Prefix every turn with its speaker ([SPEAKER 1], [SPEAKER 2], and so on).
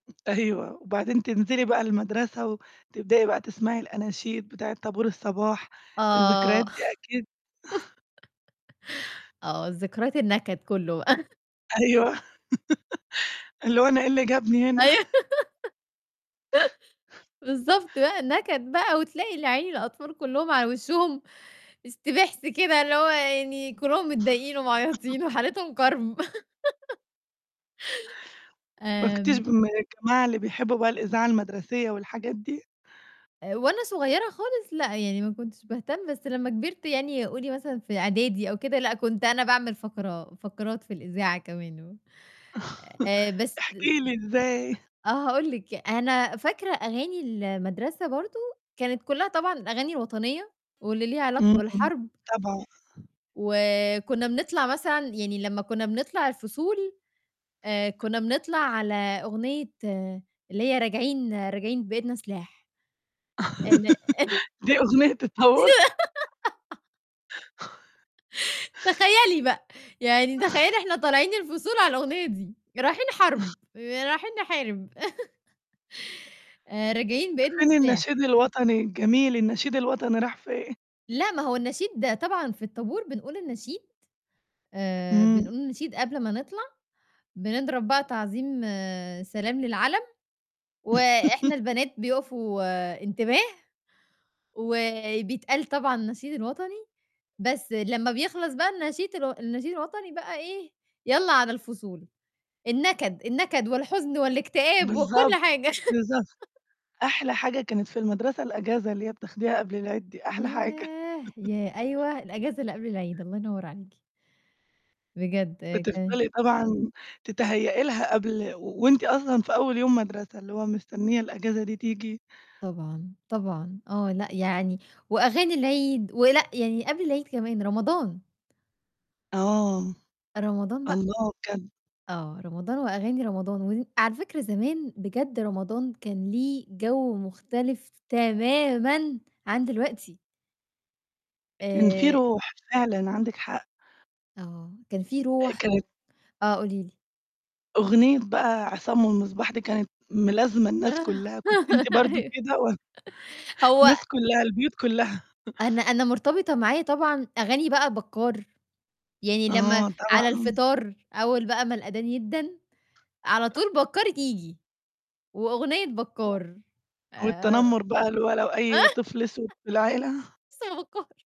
[SPEAKER 1] أيوه وبعدين تنزلي بقى المدرسة وتبدئي بقى تسمعي الأناشيد بتاعة طابور الصباح، الذكريات
[SPEAKER 2] آه.
[SPEAKER 1] دي أكيد
[SPEAKER 2] آه، الذكريات النكد كلّه بقى.
[SPEAKER 1] أيوه اللي هو أنا إيه اللي جابني هنا.
[SPEAKER 2] أيوه بالضبط بقى النكد بقى وتلاقي العيلة الأطفال كلّهم على وشهم استبحس كده اللي هو يعني كلّهم متضايقين ومعيطين وحالتهم كَرْب.
[SPEAKER 1] ما كنتيش
[SPEAKER 2] آمم.
[SPEAKER 1] من الجماعة اللي بيحبوا بقى الإذاعة المدرسية والحاجات دي؟
[SPEAKER 2] آآ، وأنا صغيرة خالص لأ يعني ما كنتش باهتم، بس لمّا كبرت يعني قولي مثلًا في إعدادي أو كده، لأ كنت أنا باعمل فقرة فقرات في الإذاعة كمان و آآ، بس
[SPEAKER 1] احكي لي إزاي؟
[SPEAKER 2] آه هاقول لِك، أنا فاكرة أغاني المدرسة برضه كانت كلّها طبعًا أغاني وطنية واللي ليها علاقة
[SPEAKER 1] امم
[SPEAKER 2] بالحرب.
[SPEAKER 1] طبعًا.
[SPEAKER 2] وكنا بنطلع مثلًا يعني لمّا كنا بنطلع الفصول آآ، كنا بنطلع على أغنية اللي هي راجعين، راجعين بإيدنا سلاح. إن
[SPEAKER 1] دي أغنية الطابور؟
[SPEAKER 2] [unintelligible] تخيّلي بقى، يعني تخيّلي إحنا طالعين الفصول على الأغنية دي رايحين حرب آآ، رايحين نحارب آآ، راجعين بإيدنا
[SPEAKER 1] فين
[SPEAKER 2] سلاح.
[SPEAKER 1] النشيد الوطني الجميل؟ النشيد الوطني راح فين؟
[SPEAKER 2] لأ، ما هو النشيد طبعًا في الطابور بنقول النشيد، آآ،
[SPEAKER 1] امم.
[SPEAKER 2] بنقول النشيد قبل ما نطلع، بنضرب بقى تعظيم سلام للعَلَم، وإحنا البنات بيقفوا انتباه، وبيتقال طبعًا النشيد الوطني، بس لمّا بيخلص بقى النشيد الو النشيد الوطني بقى إيه، يالّا على الفصول، النكد النكد والحزن والاكتئاب وكُل
[SPEAKER 1] بالضبط،
[SPEAKER 2] حاجة
[SPEAKER 1] بالضبط، أحلى حاجة كانت في المدرسة الأجازة اللي هي بتاخديها قبل العيد دي، أحلى حاجة.
[SPEAKER 2] ياه! ياه! أيوه الأجازة اللي قبل العيد، الله ينور عليكِ. بجد. [unintelligible]
[SPEAKER 1] بتفضلي طبعًا تتهيأ لها قبل وأنتِ أصلًا في أول يوم مدرسة، اللي هو مستنية الأجازة دي تيجي.
[SPEAKER 2] طبعًا، طبعًا آه لأ يعني، وأغاني العيد، ولأ يعني قبل العيد كمان، رمضان.
[SPEAKER 1] آه،
[SPEAKER 2] رمضان بق
[SPEAKER 1] الله بجد.
[SPEAKER 2] آه، رمضان وأغاني رمضان ودي على فكرة زمان بجد رمضان كان ليه جَوّ مختلف تمامًا عن دلوقتي.
[SPEAKER 1] كان في
[SPEAKER 2] آآ
[SPEAKER 1] روح، فعلًا عندِك حق.
[SPEAKER 2] آه، كان في
[SPEAKER 1] آآ،
[SPEAKER 2] رُوح و
[SPEAKER 1] كانت
[SPEAKER 2] آه، قولي لي.
[SPEAKER 1] أغنية بقى عصام والمصباح دي كانت ملازمة الناس كلّها كنتِ أنتِ برضه
[SPEAKER 2] أيوه
[SPEAKER 1] كده؟ و
[SPEAKER 2] هو
[SPEAKER 1] الناس كلّها، البيوت كلّها.
[SPEAKER 2] أنا أنا مرتبطة معايا طبعًا أغاني بقى بكّار، يعني لمّا
[SPEAKER 1] آه
[SPEAKER 2] على
[SPEAKER 1] طبعًا.
[SPEAKER 2] الفطار أول بقى ما الأدان يدَّن، على طول بكّار ييجي، وأغنية بكّار آآ
[SPEAKER 1] والتنمر بقى اللى هو لو أي طفل أسود في العيلة؟
[SPEAKER 2] [unintelligible]